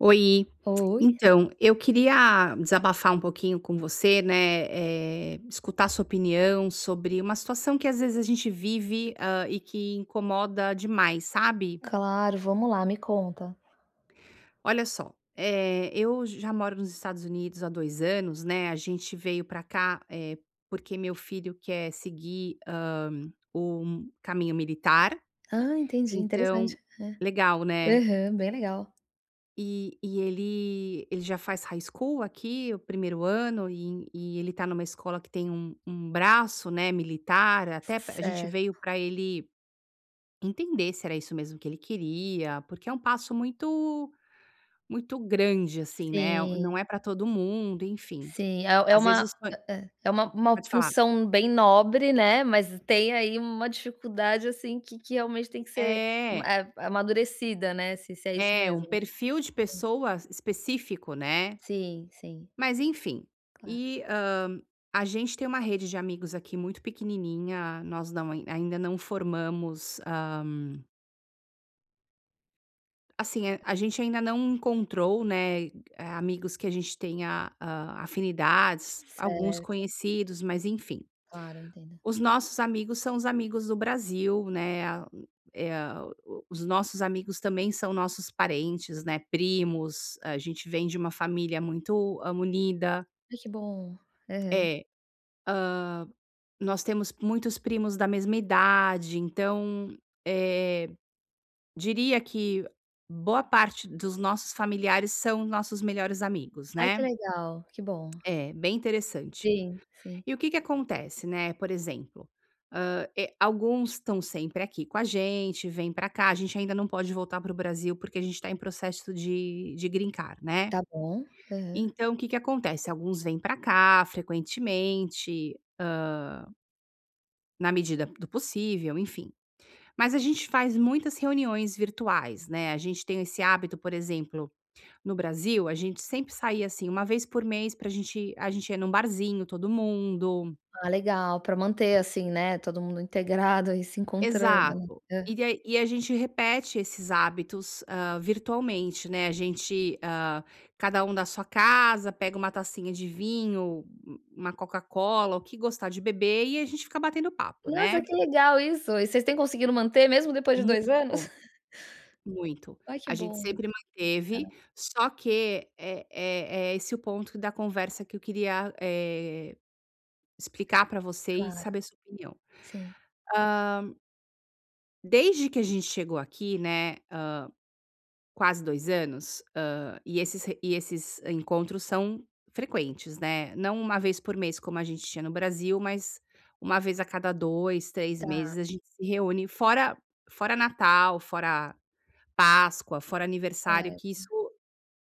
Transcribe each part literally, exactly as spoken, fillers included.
Oi. Oi. Então, eu queria desabafar um pouquinho com você, né, eh, escutar a sua opinião sobre uma situação que às vezes a gente vive, hã, e que incomoda demais, sabe? Claro. Vamos lá, me conta. Olha só, eh, eu j já moro nos Estados Unidos há dois anos, né, a gente veio para cá, eh, porque meu filho quer seguir, hã, um caminho militar, Ah, entendi, interessante, então Legal, é. né? Aham, bem legal. E e ele ele já faz High School aqui, o primeiro ano, e e ele tá em uma escola que tem um um braço, né, militar, C c até pr A gente certo. veio para ele entender se era isso mesmo que ele queria, porque é um passo muito muito grande, assim, né? Sim. Não é para todo mundo, enfim. Sim. É é Às uma vezes põe Eh eh É uma uma Pode falar. função bem nobre, né? Mas tem aí uma dificuldade, assim, que que realmente tem que ser, hum É. eh, amadurecida, né, se se é isso É, um mesmo. perfil de [unintelligible] pessoas específico, né? Sim. Sim. Mas, enfim, Claro. e, hã, a gente tem uma rede de amigos aqui muito pequenininha, nós não ainda não formamos, hã Assim, a gente ainda não encontrou, né, amigos que a gente tenha, a afinidades. Alguns Certo. conhecidos, mas enfim. Claro, eu entendo. Os nossos amigos são os amigos do Brasil, né, ah eh ah, o os nossos amigos também são nossos parentes, né, primos, a gente vem de uma família muito, hã, unida. Aí, que bom! Aham. É. Hã, nós temos muitos primos da mesma idade, então, eh, diria que boa parte dos nossos familiares são nossos melhores amigos, Ai, que né. legal! Que bom. É, bem interessante. Sim, sim. E o que que acontece? Né, por exemplo, hã, eh, alguns estão sempre aqui com a gente, vem pra cá a gente ainda não pode voltar pro Brasil, porque a gente tá em processo de de Green Card, né. Tá bom. Aham. Então, o que que acontece? Alguns vêm pra cá frequentemente, hã na medida do possível, enfim. Mas a gente faz muitas reuniões virtuais, né, a gente tem esse hábito, por exemplo, no Brasil a gente sempre saía, assim, uma vez por mês pra a gente a gente ir num barzinho, todo mundo. Ah, legal, pra manter assim, né. Todo mundo integrado aí, se encontrando ela Exato. hã. E ai e a gente repete esses hábitos, hã, virtualmente, né, a gente, ah, cada um da sua casa pega uma tacinha de vinho, u uma Coca-Cola, o que gostar de beber, e a gente fica batendo papo, Nossa né. que legal isso! E vocês têm conseguido manter mesmo depois de Muito. dois anos? Muito Aí, que a gente bom. sempre Tá. manteve. Só que é é é esse o ponto da conversa que eu queria, eh, explicar pra você e Claro. saber sua opinião. Sim. hã desde que a gente chegou aqui, né, hã, quase dois anos, hã, e esses e esses encontros são frequentes, né. Não uma vez por mês como a gente tinha no Brasil, mas uma vez a cada dois, três Tá. meses a gente se reúne. Fora fora Natal, fora Páscoa, fora aniversário, que isso Certo.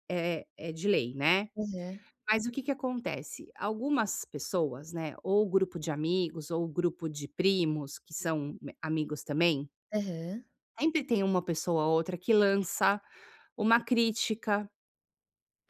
é é de lei, né. Aham. Mas o que que acontece? Algumas pessoas, né, ou o grupo de amigos, ou o grupo de primos que são amigos também Aham. sempre tem uma pessoa ou outra que lança uma crítica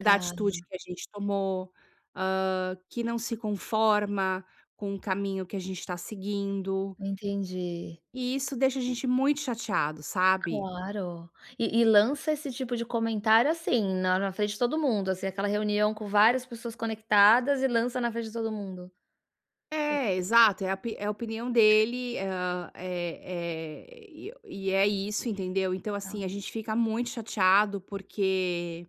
da atitude que a gente tomou, hã, que não se conforma com o caminho que a gente tá seguindo. Entendi. E isso deixa a gente muito chateado, sabe? Claro. E e lança esse tipo de comentário, assim, na na frente de todo mundo, assim, aquela reunião com várias pessoas conectadas e lança na frente de todo mundo? E É, exato, é a pi é a opinião dele, ah, eh eh, e eh, o e é isso, entendeu? Então, Tá. assim, a gente fica muito chateado porque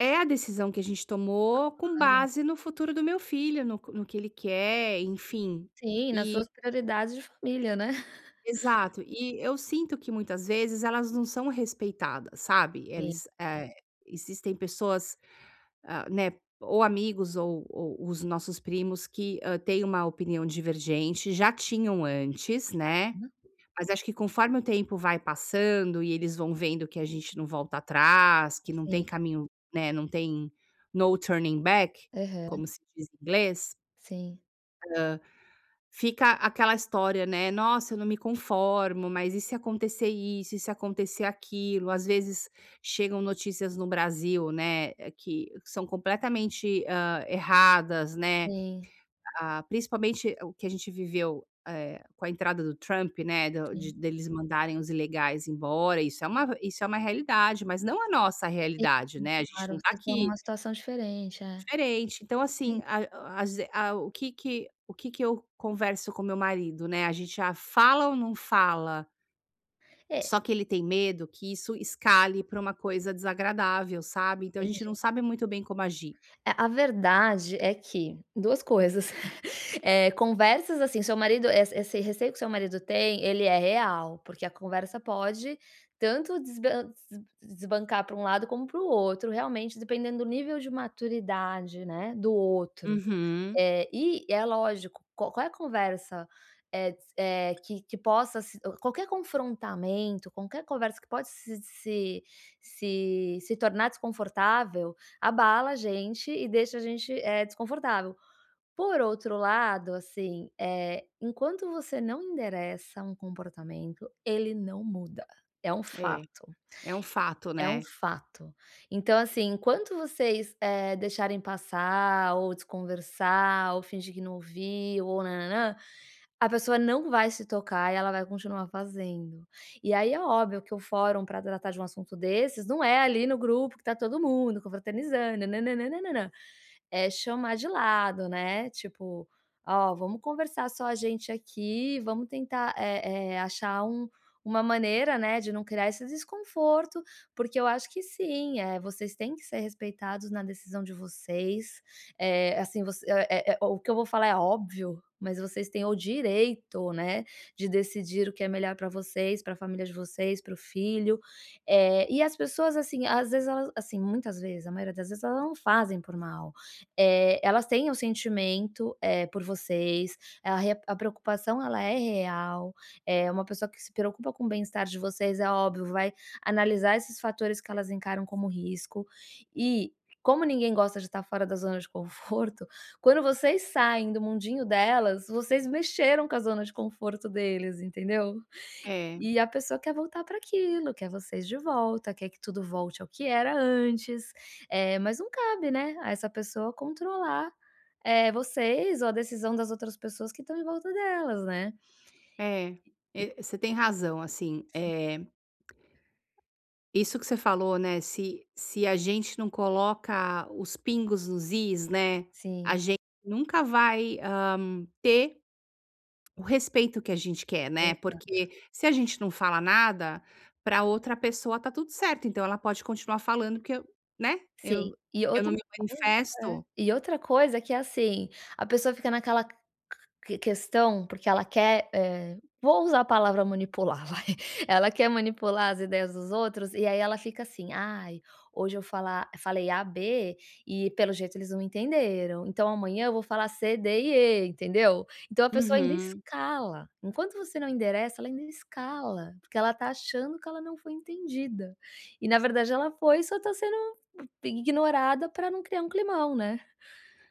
é a decisão que a gente tomou com Claro. base no futuro do meu filho, no co no que ele quer, enfim. Sim, nas E suas prioridades de família, né? Exato. E eu sinto que muitas vezes elas não são respeitadas, sabe? Sim. Eles, eh, existem pessoas, hã, né, ou amigos ou ou os nossos primos que hã, têm uma opinião divergente, já tinham antes, Tá, né. né. Mas acho que conforme o tempo vai passando e eles vão vendo que a gente não volta atrás, que não tem Sim. caminho, né, não tem no turning back, Aham. como se diz em inglês. Sim. Hã, fica aquela história, né: "Nossa, eu não me conformo, mas e se acontecer isso? E se acontecer aquilo?". Ás vezes, chegam notícias no Brasil, né, que são completamente, hã, erradas, né, Venha. ah, principalmente o que a gente viveu, eh, com a entrada do Trump, né, do de Sim. deles mandarem os ilegais embora, isso é uma isso é uma realidade, mas não a nossa Sim, realidade, né, a gente claro. não tá Vocês estão aqui numa situação diferente, é. Diferente. Então Sim. assim, ai o ase a o que que o que que eu converso com meu marido, né, a gente já fala ou não fala? É Só que ele tem medo que isso escale pra uma coisa desagradável, sabe? Então, a gente não Entendi. sabe muito bem como agir. É a verdade é que duas coisas, eh, conversas, assim, seu marido, eh, esse receio que seu marido tem, ele é real, porque a conversa pode tanto desban des desbancar pra um lado como para o outro realmente, dependendo do nível de maturidade né, do outro. Uhum. Eh, e é lógico, qua qual é a conversa, eh, de se, eh, que que possa se o qualquer confrontamento, qualquer conversa que pode se se se se tornar desconfortável, abala a gente e deixa a gente, eh, desconfortável. Por outro lado, assim, eh, enquanto você não endereça um comportamento, ele não muda, é um É. fato. É um fato, É um né? fato. Então, assim, enquanto vocês, eh, deixarem passar, ou desconversar, ou fingir que não ouviu, ou nã, nã, nã, a pessoa não vai se tocar e ela vai continuar fazendo. E aí, é óbvio que o fórum pra tratar de um assunto desses, não é ali no grupo que tá todo mundo confraternizando, nã, nã, nã, nã, nã. É chamar de lado, né, tipo: "Ó vamos conversar, só a gente aqui, vamos tentar, eh eh, achar um uma maneira, né, de não criar esse desconforto. Porque eu acho que sim, eh, vocês têm que ser respeitados na decisão de vocês, eh, assim, você, eh, eh, o que eu vou falar é óbvio, mas vocês têm o direito, né, de decidir o que é melhor pra vocês, para família de vocês, para o filho. Eh, e as pessoas, assim, às vezes, elas assim muitas vezes, a maioria das vezes, elas não fazem por mal, eh, elas têm o sentimento, eh, por vocês, a re a preocupação ela é real, eh, uma pessoa que se preocupa com o bem-estar de vocês, é óbvio vai analisar esses fatores que elas encaram como risco, e como ninguém gosta de tá fora da zona de conforto, quando vocês saem do mundinho delas, vocês mexeram com a zona de conforto deles, entendeu? É. E a pessoa quer voltar pra aquilo, quer vocês de volta, quer que tudo volte ao que era antes, eh, mas não cabe, né, a essa pessoa controlar, eh, vocês ou a decisão das outras pessoas que estão em volta delas, né? É, E e você tem razão, assim, Sim. eh, isso que você falou, né, se se a gente não coloca os pingos nos is, né, a Sim. gente nunca vai, hã, ter o respeito que a gente quer, né. Exato. Porque se a gente não fala nada, pra outra pessoa tá tudo certo, então, ela pode continuar falando que eu né, Sim, eu e eu não outra me coisa É. manifesto. E outra coisa que é assim, a pessoa fica naquela que que questão porque ela quer, eh, vou usar a palavra manipular vai, ela quer manipular as ideias dos outros, e aí ela fica assim "Ai, hoje eu fala falei A B, e pelo jeito eles não entenderam, então amanhã eu vou falar C D e E". Entendeu? Então, a pessoa ainda Uhum. escala, enquanto você não endereça, ela ainda escala, porque ela tá achando que ela não foi entendida. E na verdade ela foi, só tá sendo, eh, ignorada pra não criar um climão, né?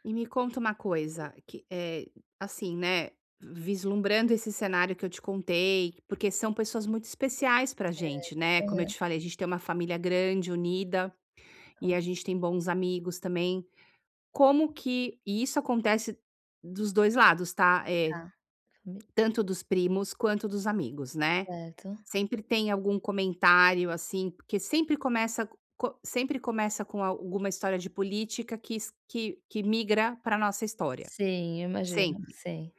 E me conta uma Tá. coisa que, eh, assim, né, vislumbrando esse cenário que eu te contei, porque são pessoas muito especiais pra Certo, gente, né, como eu aham. te falei, a gente tem uma família grande, unida e a Claro. gente tem bons amigos também. Como que e isso acontece dos dois lados, tá, eh, Tá, fami tanto dos primos quanto dos amigos, né. Certo. Sempre tem algum comentário, assim, porque sempre começa co co sempre começa com alguma história de política que se que que migra pra nossa história, Sim, eu imagino. sempre. Sei.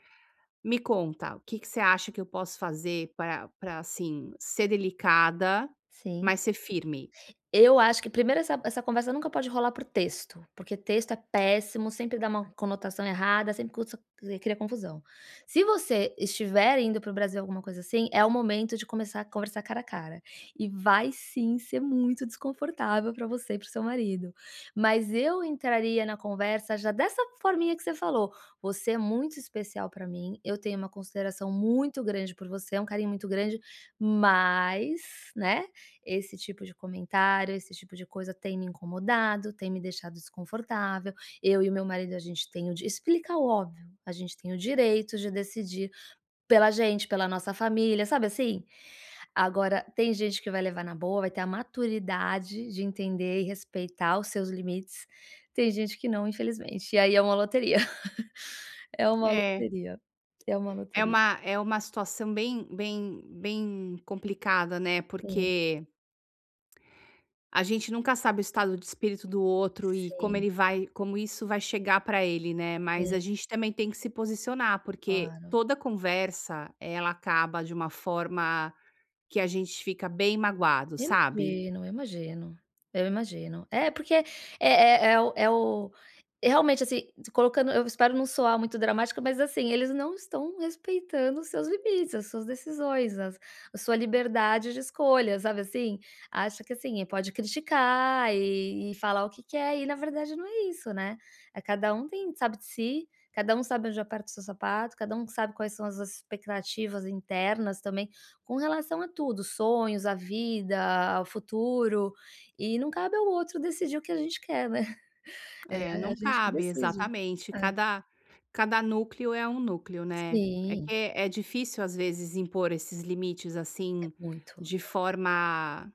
Me conta o que que você acha que eu posso fazer pra pra assim, ser delicada, Sim. mas ser firme? Eu acho que primeiro essa essa conversa nunca pode rolar por texto, porque texto é péssimo, sempre dá uma conotação errada, sempre cos cri cria confusão. Se você estiver indo para o Brasil, alguma coisa, assim, é o momento de começar a conversar cara a cara. E vai sim ser muito desconfortável pra você e para o seu marido. Mas eu entraria na conversa já dessa forminha que você falou: "Você é muito especial pra mim, eu tenho uma consideração muito grande por você, é um carinho muito grande, mas, né, esse tipo de comentário, esse tipo de coisa tem me incomodado, tem me deixado desconfortável, eu e o meu marido, a gente tem o di". Explica o óbvio: "A gente tem o direito de decidir pela gente, pela nossa família". Sabe, assim? Agora tem gente que vai levar na boa, vai ter a maturidade de entender e respeitar os seus limites. Tem gente que não, infelizmente, e aí é uma loteria. É uma É. loteria, é uma É loteria. uma é uma situação bem bem bem complicada, né, Sim. porque a gente nunca sabe o estado de espírito do outro e como Sim. ele vai como isso vai chegar pra ele, né. Mas Sim. a gente também tem que se posicionar, porque Claro. toda conversa, ela acaba de uma forma que a gente fica bem magoado, sabe? Imagino. Eu imagino eu imagino. É porque é é é o é o realmente, assim, se colocando eu espero não soar muito dramático, mas assim, eles não estão respeitando os seus limites, as suas decisões, as a sua liberdade de escolha, sabe assim? Acha que assim, pode criticar e e falar o que quer e na verdade não é isso, né? Eh, cada um tem sabe de si, cada sabe onde aperta o seu sapato, cada que sabe quais são as expectativas internas também, com relação a tudo, sonhos, a vida, ao futuro, e não cabe ao outro decidir o que a gente quer, né? É É a não a gente que cabe, decide. exatamente, É. cada cada núcleo é um núcleo, né. É que Sim. é difícil, às vezes, impor esses limites, É assim, muito, de muito forma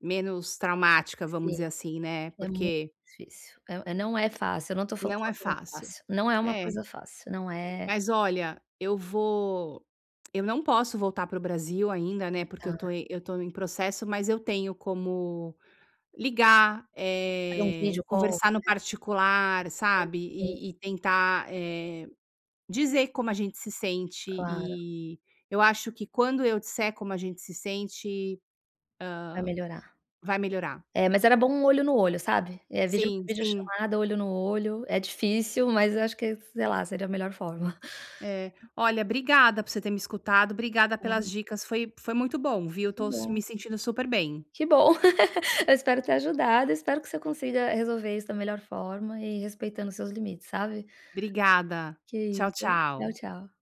menos traumática, vamos Sim, dizer assim, né, é muito porque difícil. Eh, eh, não é fácil, eu não tô falando que Não é é uma coisa fácil. fácil, não é uma É. coisa fácil, não é Mas olha, eu vou eu não posso voltar para o Brasil ainda, né, porque eu tô Tá. eu tô em processo, mas eu tenho como ligar, Fazer um eh, video call, conversar no né? particular, sabe, Sim. e e tentar, eh, dizer como a gente se sente Claro. e eu acho que quando eu disser como a gente se sente, Vai melhorar. hã, vai melhorar. É, mas era bom olho no olho, sabe? É, vídeo Sim, vídeo sim. chamada, olho no olho é difícil, mas acho que é sei lá, seria a melhor forma. É. Olha, obrigada por você ter me escutado, obrigada pelas Quan dicas foi foi muito bom, viu? Que Tô s bom. me sentindo super bem. Que bom. Eu espero ter ajudado, espero que você consiga resolver isso da melhor forma e respeitando os seus limites, sabe? Obrigada, Que tchau isso. Tchau, tchau. tchau.